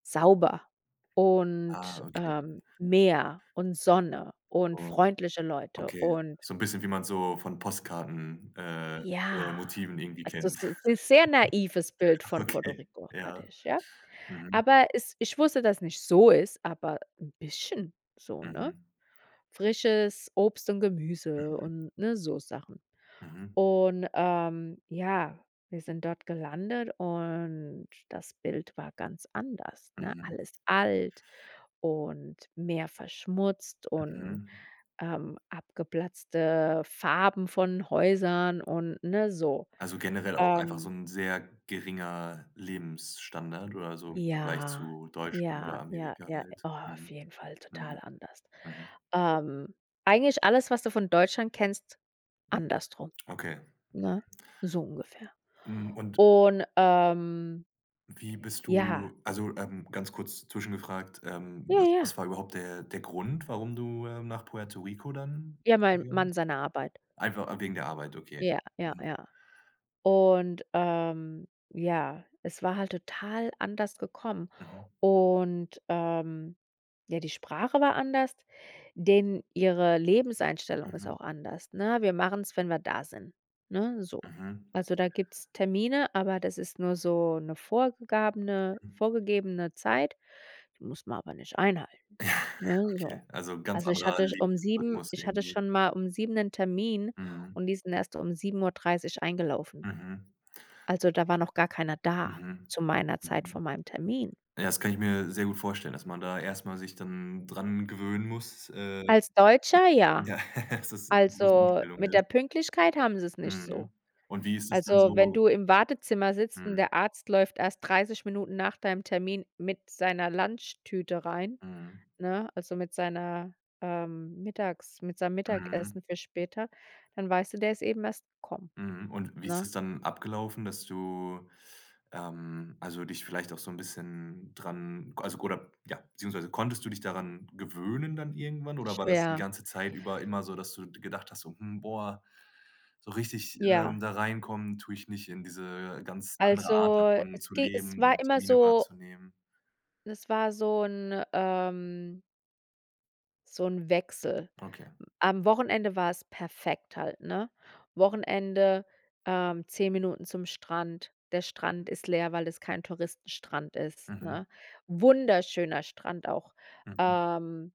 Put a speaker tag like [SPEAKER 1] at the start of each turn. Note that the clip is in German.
[SPEAKER 1] Sauber
[SPEAKER 2] Ah,
[SPEAKER 1] und,
[SPEAKER 2] okay.
[SPEAKER 1] ähm, Meer und Sonne und
[SPEAKER 2] Oh,
[SPEAKER 1] freundliche Leute
[SPEAKER 2] okay.
[SPEAKER 1] und
[SPEAKER 2] So 'n bisschen, wie man so von Postkarten äh, je
[SPEAKER 1] Ja.
[SPEAKER 2] Motiven irgendwie
[SPEAKER 1] Also
[SPEAKER 2] kennt.
[SPEAKER 1] das ist 'n sehr naives Bild
[SPEAKER 2] Ach,
[SPEAKER 1] von Puerto
[SPEAKER 2] okay,
[SPEAKER 1] Rico, hatte
[SPEAKER 2] ja.
[SPEAKER 1] ich, ja.
[SPEAKER 2] Mhm.
[SPEAKER 1] Aber es ich wusste, dass nicht so ist, aber 'n bisschen so, ne?
[SPEAKER 2] Mhm.
[SPEAKER 1] Frisches Obst und Gemüse
[SPEAKER 2] Mhm.
[SPEAKER 1] und ne, so Sachen
[SPEAKER 2] Mhm.
[SPEAKER 1] und, ähm, ja, wir sind dort gelandet und das Bild war ganz anders, ne?
[SPEAKER 2] Mhm.
[SPEAKER 1] Alles alt und mehr verschmutzt und,
[SPEAKER 2] Mhm.
[SPEAKER 1] ähm, abgeplatzte Farben von Häusern und ne so.
[SPEAKER 2] Also generell auch einfach so
[SPEAKER 1] Ähm
[SPEAKER 2] 'n sehr geringer Lebensstandard oder so im Vergleich
[SPEAKER 1] Ja,
[SPEAKER 2] zu Deutschland
[SPEAKER 1] ja,
[SPEAKER 2] oder
[SPEAKER 1] ja,
[SPEAKER 2] Amerika
[SPEAKER 1] ja,
[SPEAKER 2] halt?
[SPEAKER 1] oh, auf
[SPEAKER 2] Mhm.
[SPEAKER 1] jeden Fall total
[SPEAKER 2] Mhm.
[SPEAKER 1] anders,
[SPEAKER 2] Mhm.
[SPEAKER 1] ähm eigentlich alles, was du von Deutschland kennst,
[SPEAKER 2] Mhm.
[SPEAKER 1] andersrum,
[SPEAKER 2] Okay.
[SPEAKER 1] ne, so ungefähr.
[SPEAKER 2] Mhm. Und...
[SPEAKER 1] Und, ähm
[SPEAKER 2] Wie bist
[SPEAKER 1] Ja.
[SPEAKER 2] du also, ähm, ganz kurz zwischengefragt, ähm,
[SPEAKER 1] Ja, ja.
[SPEAKER 2] was war überhaupt der der Grund, warum du, äh, nach Puerto Rico dann
[SPEAKER 1] Ja, mein
[SPEAKER 2] gegangen
[SPEAKER 1] Mann
[SPEAKER 2] bist?
[SPEAKER 1] seiner Arbeit.
[SPEAKER 2] Einfach a wegen der Arbeit, okay.
[SPEAKER 1] Ja, ja,
[SPEAKER 2] Mhm.
[SPEAKER 1] ja. Und, ähm, ja, es war halt total anders gekommen
[SPEAKER 2] Mhm.
[SPEAKER 1] und, ähm, ja, die Sprache war anders, denen ihre Lebenseinstellung ist
[SPEAKER 2] Mhm.
[SPEAKER 1] auch anders, ne? „Wir machen's, wenn wir da sind,“ ne, so.
[SPEAKER 2] Mhm.
[SPEAKER 1] Also da gibt's Termine, aber das ist nur so 'ne vorgegabene
[SPEAKER 2] Mhm.
[SPEAKER 1] vorgegebene Zeit, die muss man aber nicht einhalten, ne, so.
[SPEAKER 2] Okay also ganz
[SPEAKER 1] Also ich
[SPEAKER 2] anderer
[SPEAKER 1] hatte um 7
[SPEAKER 2] Lebensrhythmus
[SPEAKER 1] ich hatte
[SPEAKER 2] irgendwie.
[SPEAKER 1] schon mal um 7 'nen Termin
[SPEAKER 2] Mhm.
[SPEAKER 1] und die sind erst um 7:30 eingelaufen.
[SPEAKER 2] Mhm.
[SPEAKER 1] Also, da war noch gar keiner da
[SPEAKER 2] Mhm.
[SPEAKER 1] zu meiner Zeit
[SPEAKER 2] Mhm.
[SPEAKER 1] von meinem Termin.
[SPEAKER 2] Ja das kann ich mir sehr gut vorstellen, dass man da erstmal sich dann dran gewöhnen muss, äh
[SPEAKER 1] Als Deutscher, ja.
[SPEAKER 2] ja dass das 'ne große
[SPEAKER 1] Also,
[SPEAKER 2] Umstellung
[SPEAKER 1] mit
[SPEAKER 2] ist.
[SPEAKER 1] der Pünktlichkeit haben sie's nicht
[SPEAKER 2] Mhm.
[SPEAKER 1] so.
[SPEAKER 2] Und wie ist es dann
[SPEAKER 1] Also wenn
[SPEAKER 2] so
[SPEAKER 1] du im Wartezimmer sitzt und
[SPEAKER 2] Mhm.
[SPEAKER 1] der Arzt läuft erst 30 Minuten nach deinem Termin mit seiner Lunchtüte rein,
[SPEAKER 2] Mhm.
[SPEAKER 1] ne, also mit seiner, ähm, Mittags mit seinem
[SPEAKER 2] Mhm.
[SPEAKER 1] Mittagessen für später, dann weißt du, der ist eben erst gekommen,
[SPEAKER 2] Mhm, und wie ist
[SPEAKER 1] ne?
[SPEAKER 2] das dann abgelaufen, dass du, ähm, also dich vielleicht auch so 'n bisschen dran k also k oder ja beziehungsweise konntest du dich daran gewöhnen dann irgendwann oder war das die
[SPEAKER 1] Schwer.
[SPEAKER 2] ganze Zeit über immer so, dass du gedacht hast: „Hm, boah, so richtig, ähm,
[SPEAKER 1] Ja.
[SPEAKER 2] da reinkommen tue ich nicht in diese ganz andere Art
[SPEAKER 1] Also
[SPEAKER 2] davon zu
[SPEAKER 1] es ge es
[SPEAKER 2] leben
[SPEAKER 1] war
[SPEAKER 2] und
[SPEAKER 1] immer
[SPEAKER 2] Termine
[SPEAKER 1] so
[SPEAKER 2] wahrzunehmen.“
[SPEAKER 1] Es war so 'n, ähm so 'n Wechsel.
[SPEAKER 2] Okay.
[SPEAKER 1] Am Wochenende war es perfekt halt, ne? Wochenende, ähm, 10 Minuten zum Strand. Der Strand ist leer, weil es kein Touristenstrand ist,
[SPEAKER 2] Mhm.
[SPEAKER 1] ne? Wunderschöner Strand auch,
[SPEAKER 2] Mhm.
[SPEAKER 1] ähm